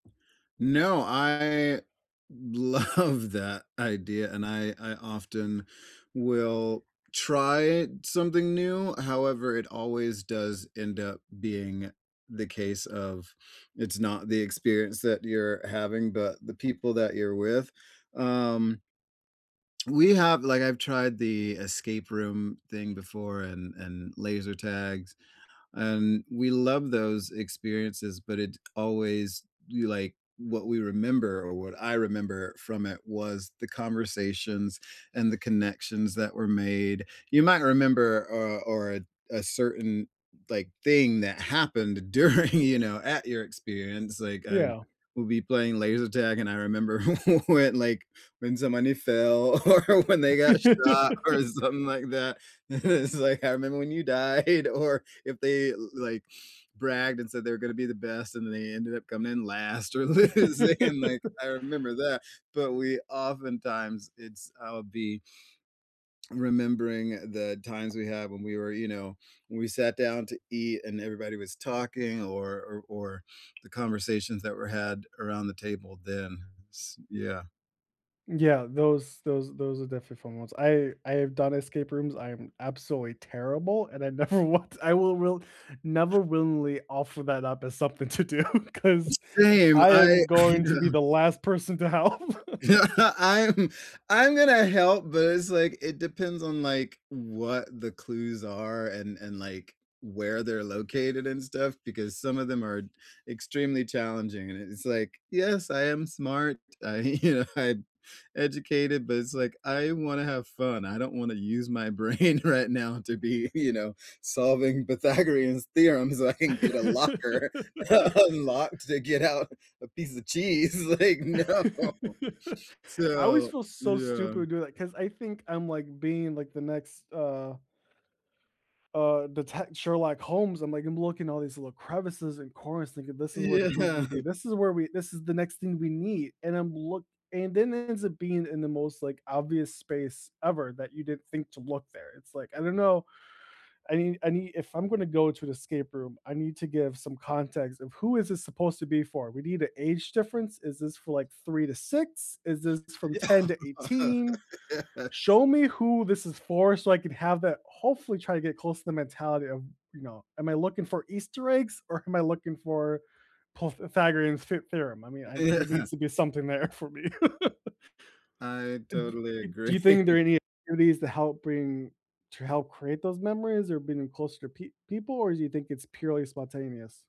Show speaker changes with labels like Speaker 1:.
Speaker 1: No. I love that idea, and I I often will try something new; however, it always does end up being the case of, "It's not the experience that you're having, but the people that you're with." Um we have like, I've tried the escape room thing before and and laser tags, and we love those experiences, but it always you, like what we remember or what I remember from it was the conversations and the connections that were made. You might remember, uh or a a certain, like, thing that happened during, you know, at your experience, like, I'd
Speaker 2: Yeah.
Speaker 1: we'll be playing laser tag, and I remember when, like, when somebody fell, or when they got shot or something like that, and it's like, "I remember when you died." Or if they, like, bragged and said they were gonna be the best, and then they ended up coming in last or losing, and, like, I remember that. But we, oftentimes it's I'll be remembering the times we have when we were you know, when we sat down to eat and everybody was talking, or or or the conversations that were had around the table then, s Yeah.
Speaker 2: Yeah, those those those are definitely fun ones. I I have done escape rooms, I am absolutely terrible, and I never want I will will never willingly offer that up as something to do,
Speaker 1: S
Speaker 2: because
Speaker 1: same,
Speaker 2: I
Speaker 1: I
Speaker 2: am
Speaker 1: I,
Speaker 2: going to be
Speaker 1: uh
Speaker 2: the last person to help.
Speaker 1: Yeah, I'm I'm gonna help, but it's, like, it depends on, like, what the clues are and and, like, where they're located and stuff, because some of them are extremely challenging, and it it's like, "Yes, I am smart. I you know, I'm educated," but it's like, "I wanna have fun. I don't wanna use my brain right now to be, you know, solving Pythagorean's Theorem so I can get a locker unlocked to get out a piece of cheese," like, "No."
Speaker 2: I always
Speaker 1: So,
Speaker 2: feel so
Speaker 1: yeah.
Speaker 2: stupid doing that, 'cause I think I'm, like, being, like, the next, uh uh, detect Sherlock Holmes, I'm, like I'm looking all these little crevices and corners thinking, "This is where the clue's gonna
Speaker 1: Yeah.
Speaker 2: be, this is where we this is the next thing we need." And I'm look and then it ends up being in the most, like, obvious space ever that you didn't think to look there, it's, like I don't know, I need I need if I'm gonna go to an escape room, I need to give some context of, "Who is this supposed to be for? We need a age difference, is this for, like, 3 to 6? Is this from ten to
Speaker 1: Yeah.
Speaker 2: eighteen?
Speaker 1: Yes.
Speaker 2: Show me who this is for, so I could have that" Hopefully try to get close to the mentality of, you know, "Am I looking for Easter eggs or am I looking for pof Pythagorean theor Theorem?" I mean,
Speaker 1: Y
Speaker 2: I'm there
Speaker 1: Yeah.
Speaker 2: needs to be something there for me.
Speaker 1: I
Speaker 2: And d
Speaker 1: totally
Speaker 2: y do you think there
Speaker 1: agree.
Speaker 2: are any activities to help bring to help create those memories, or bring 'em closer to peo people, or do you think it's purely spontaneous?